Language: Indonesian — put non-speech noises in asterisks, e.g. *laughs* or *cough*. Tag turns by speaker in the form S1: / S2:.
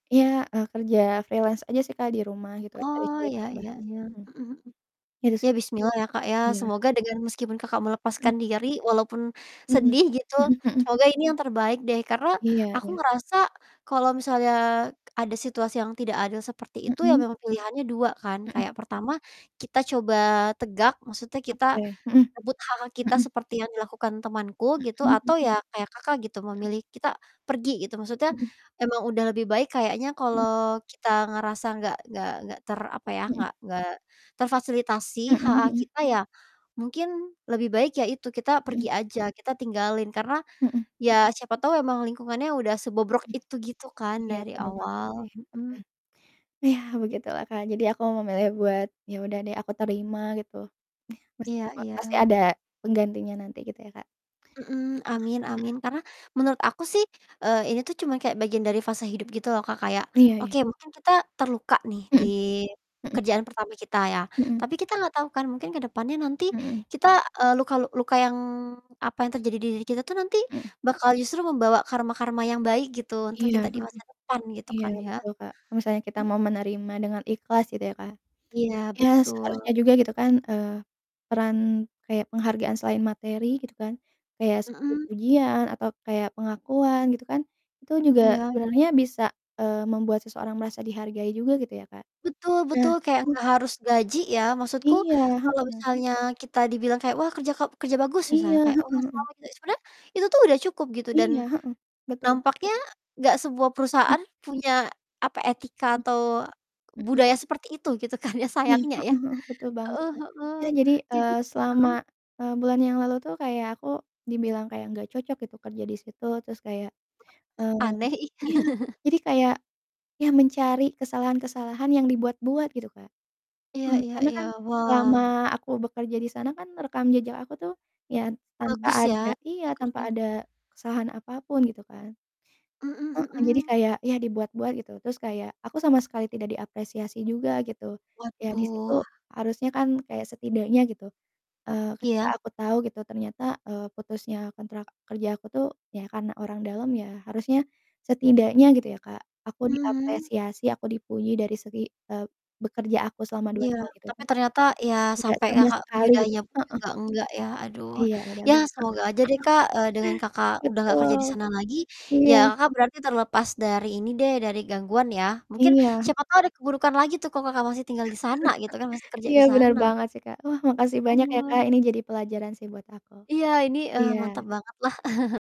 S1: Iya, eee, kerja freelance aja sih, Kak, di rumah cari-cari
S2: Oh, iya iya
S1: tambahan,
S2: iya,
S1: mhm.
S2: mhm mhm.
S1: Gitu sih,
S2: Iya,
S1: Kak.
S2: bismillah ya, Kak, ya,
S1: Iya.
S2: semoga dengan meskipun Kakak
S1: Mhm.
S2: melepaskan diri, walaupun
S1: Mhm,
S2: sedih gitu,
S1: mhm mhm.
S2: semoga ini yang terbaik deh, karena
S1: Iya
S2: aku
S1: iya.
S2: ngerasa kalau misalnya ada situasi yang tidak adil seperti itu ya,
S1: Mhm.
S2: memang pilihannya 2 kan,
S1: Mhm.
S2: kayak pertama kita coba tegak, maksudnya kita
S1: Oke, mhm,
S2: rebut hak-hak kita,
S1: mhm.
S2: seperti yang dilakukan temanku gitu,
S1: Mhm
S2: atau
S1: mhm.
S2: ya kayak Kakak gitu,
S1: Mhm.
S2: memilih kita pergi gitu, maksudnya
S1: Mhm.
S2: emang udah lebih baik kayaknya
S1: Mhm.
S2: kalau kita ngerasa gak gak gak ter apa ya,
S1: Mhm.
S2: gak gak
S1: Mhm
S2: terfasilitasi hak-hak
S1: mhm.
S2: kita ya, mungkin lebih baik ya itu, kita pergi
S1: Mhm.
S2: aja, kita tinggalin, karena
S1: Mhm.
S2: ya siapa tau emang lingkungannya udah sebobrok
S1: Mhm.
S2: itu, gitu kan,
S1: Iya,
S2: dari
S1: bener banget
S2: awal,
S1: sih.
S2: mhm.
S1: Mhm. Iya, begitulah, Kak, jadi aku memilih buat ya udah deh, aku terima gitu. Yah
S2: Iya
S1: meskipun, pasti
S2: iya.
S1: ada penggantinya nanti gitu, ya, Kak.
S2: Mhm, amin
S1: Mhm.
S2: amin, karena menurut aku sih, eee, ini tuh cuma kayak bagian dari fase hidup, gitu loh, Kak. Kayak,
S1: Iya iya.
S2: oke, mungkin kita terluka nih, di
S1: Mhm, mhm.
S2: kerjaan pertama kita ya,
S1: Mhm.
S2: tapi kita gak tau kan mungkin ke depannya nanti
S1: Mhm.
S2: kita, eee, luka lu luka yang apa yang terjadi di diri kita itu nanti
S1: Mhm.
S2: bakal justru membawa karma-karma yang baik gitu, untuk
S1: Iya,
S2: kita
S1: heeh.
S2: dimasa depan, gitu
S1: Iya,
S2: kan, ya.
S1: betul, Kak, kalau misalnya kita
S2: M
S1: mau menerima dengan ikhlas, gitu ya, Kak,
S2: Iya,
S1: ya seharusnya
S2: betul.
S1: juga, gitu kan, eee, peran kayak penghargaan selain materi, gitu kan, kayak seperti
S2: Mhm.
S1: pujian atau kayak pengakuan, gitu kan, itu juga
S2: Iya iya.
S1: sebenarnya bisa, eee, membuat seseorang merasa dihargai juga, gitu ya, Kak.
S2: Betul
S1: Nah
S2: betul, kayak
S1: e
S2: nggak harus gaji ya, maksudku
S1: Iya,
S2: kalau
S1: heeh.
S2: misalnya kita dibilang kayak, "Wah, kerja ka kerja bagus," misalnya,
S1: Iya,
S2: kayak,
S1: heeh
S2: "Wah,
S1: heeh.
S2: selamat ya," sebenernya itu tuh udah cukup gitu dan
S1: Iya, heeh, betul.
S2: nampaknya gak semua
S1: Mhm.
S2: perusahaan punya, apa, etika
S1: Mhm.
S2: atau
S1: Mhm.
S2: budaya seperti itu, gitu kan ya,
S1: Iya,
S2: sayangnya, ya.
S1: heeh heeh, betul banget,
S2: Heeh
S1: Kak.
S2: heeh,
S1: Ya jadi,
S2: jadi
S1: eee, selama,
S2: heeh?
S1: eee, bulan yang lalu tuh kayak aku dibilang kayak nggak cocok gitu kerja di situ, terus kayak eee,
S2: Aneh, ih.
S1: iya.
S2: *laughs*
S1: jadi kayak ya mencari kesalahan-kesalahan yang dibuat-buat, gitu, Kak.
S2: Iya
S1: Mhm,
S2: iya
S1: karena
S2: iya.
S1: kan selama
S2: Wah.
S1: aku bekerja di sana kan, rekam jejak aku tuh, ya tanpa
S2: Bagus ya,
S1: ada
S2: track
S1: iya, tanpa
S2: record-nya.
S1: ada kesalahan apapun, gitu kan.
S2: Mhm
S1: Heeh, jadi
S2: mhm.
S1: kayak ya dibuat-buat gitu, terus kayak aku sama sekali tidak diapresiasi juga, gitu, ya di situ
S2: Waduh.
S1: harusnya kan kayak setidaknya gitu, eee, ketika
S2: Iya.
S1: aku tau gitu, ternyata, eee, putusnya kontrak kerja aku tuh, ya karena orang dalam ya, harusnya setidaknya gitu ya, Kak, aku
S2: Mmm.
S1: diapresiasi, aku dipuji dari segi eee, bekerja aku selama 2
S2: Iya,
S1: tahun itu,
S2: tapi
S1: tapi
S2: ternyata ya
S1: tidak
S2: sampai
S1: sama
S2: Kakak
S1: sekali, gitu.
S2: menyudahinya pun juga
S1: Heeh.
S2: gak enggak ya, aduh,
S1: Iya, dan
S2: ya
S1: heeh,
S2: semoga aja deh,
S1: heeh.
S2: Kak, eee, dengan Kakak udah gak kerja di
S1: Betul.
S2: sana lagi, ya
S1: Iya.
S2: Kakak berarti terlepas dari ini deh, dari gangguan ya, mungkin
S1: Iya.
S2: siapa tau ada keburukan lagi tuh kalau Kakak masih tinggal di sana, gitu kan, masih
S1: *laughs*
S2: kerja
S1: Iya,
S2: di
S1: benar
S2: sana.
S1: banget sih, Kak. Wah, makasih banyak ya, Kak,
S2: Aduh.
S1: ini jadi pelajaran sih buat aku.
S2: Iya, ini, eee, mantap
S1: Iya.
S2: banget lah. *laughs*